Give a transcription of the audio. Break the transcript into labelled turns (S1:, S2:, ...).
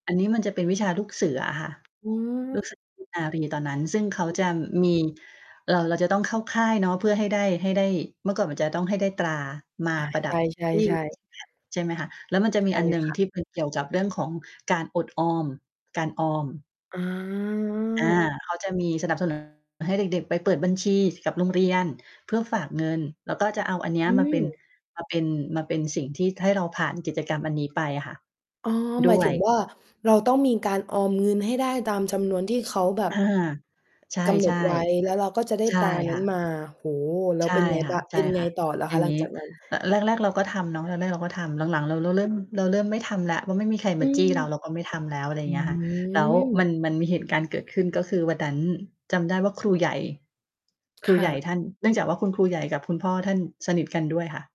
S1: อันนี้มันจะเป็นวิชาลูกเสืออะค่ะ
S2: อื
S1: ลูกเ
S2: ม
S1: สือเนตร นารีตอนนั้น ซึ่งเขา
S2: อื
S1: จะม
S2: อ
S1: ี เรา เราจะต้องเข้าค่ายเนาะ เพื่อให้ได้ ให้ได้ เมื่อก่อนมันจะต้องให้ได้ตรามา
S2: อา
S1: ประ
S2: ใ
S1: ด
S2: ช
S1: ับ ที่
S2: ่
S1: ค
S2: ๆ
S1: รื
S2: ๆ
S1: ่องแบบ ใช่ไหมคะ แล้วมันจะ
S2: ใช
S1: มี
S2: ่
S1: อันหนึ่ง
S2: ค่ะ
S1: ที่ เป็น เกี่ยวกับเรื่องของการอดออม การออม
S2: อ๋อ
S1: อา เขาจะมีสนับ สนุน ให้เด็ก ๆ ไปเปิดบัญชีกับโรงเรียนเพื่อฝากเงิน แล้วก็จะเอาอันเนี้ย
S2: อื
S1: มาเป็น
S2: ม
S1: มาเป็น มาเป็นสิ่งที่ให้เราผ่านกิจกรรมอันนี้ไปอะค่ะ
S2: อ๋อ
S1: ด
S2: หมาย
S1: ้ว
S2: ถึง
S1: ย
S2: ว่า เราต้องมีการออมเงินให้ได้ตามจำนวนที่เขาแบ
S1: อ
S2: บ
S1: า ใช่
S2: กำหนดไว้แล้วเราก็จะได้
S1: ๆ ใช่
S2: ตราน
S1: ค
S2: ั้
S1: ่
S2: น
S1: ะ
S2: มา โอ้โฮ! แล้
S1: ใ
S2: ว
S1: ช่
S2: เป็นไง
S1: ค
S2: บ้าง เป็นไง
S1: ่ะ
S2: ต่อล่ะ
S1: ๆ อย
S2: ค
S1: ่
S2: ะ
S1: าง
S2: หลั
S1: ง
S2: ง
S1: ี้
S2: จากนั้น?
S1: ระ แรก ๆ เราก็ทำเนาะ แรก ๆ เราก็ทำ หลัง ๆ เราเริ่ม เราเริ่มไม่ทำแล้ว ว่าไม่มีใคร
S2: อ
S1: ม
S2: ื
S1: าจี
S2: ม
S1: ้เรา เราก็ไม่ทำแล้ว อะไรอย
S2: อ
S1: ่
S2: ื
S1: างเงี้ยค่ะ แล้วมั
S2: ม
S1: น มันมีเหตุการณ์เกิดขึ้น ก็คือวันนั้นจำได้ว่าครูใหญ่ คร
S2: ค
S1: ูใ
S2: ่
S1: หญ
S2: ะ
S1: ่ท่าน เนื่องจากว่าคุณครูใหญ่กับคุณพ่อท่านสนิทกันด้วยค่ะ